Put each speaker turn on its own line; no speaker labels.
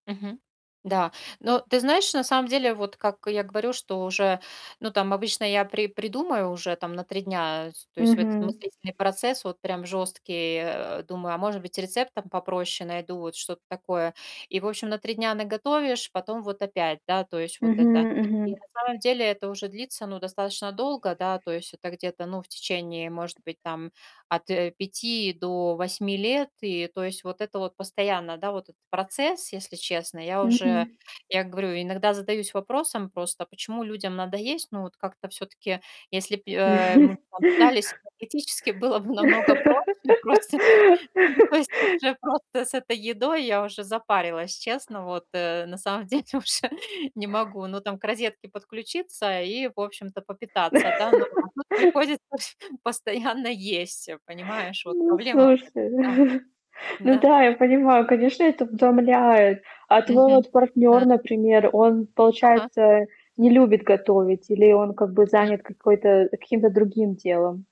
Мгм. Да. Но ты знаешь, на самом деле, вот, как я говорю, что уже ну там обычно я при придумаю уже там на 3 дня, с то есть вот этот
Мгм.
мыслительный процесс вот прям жёсткий, э. Думаю, а может быть рецептом попроще найду, вот что-то такое. И, в общем, на 3 дня наготовишь, потом вот опять, да, то есть вот это.
Мгм.
И на
Мгм.
самом деле это уже длится ну достаточно долго, да, то есть это где-то, ну в течение, может быть, там, от, э, 5 до 8 лет, и то есть вот это вот постоянно, да, вот процесс, если честно. Я уже
Мгм.
я говорю, иногда задаюсь вопросом просто, почему людям надо есть? Ну вот как-то всё-таки, если б й э, мы б там питались, теоретически было бы намного проще просто, то есть уже, просто с этой едой я уже запарилась, честно. Вот, э, на самом деле уже не могу, ну там к розетке подключиться и, в общем-то, попитаться, да, но а тут приходится постоянно есть, э, понимаешь, вот
Ну,
проблема
слушай.
в этом.
Ну
Да.
да, я
Да.
понимаю, конечно, это утомляет. А твой
Мгм.
вот
Да.
партнёр, например, он,
Ага.
получается, не любит готовить или он как бы
Мгм.
занят какой-то каким-то другим делом?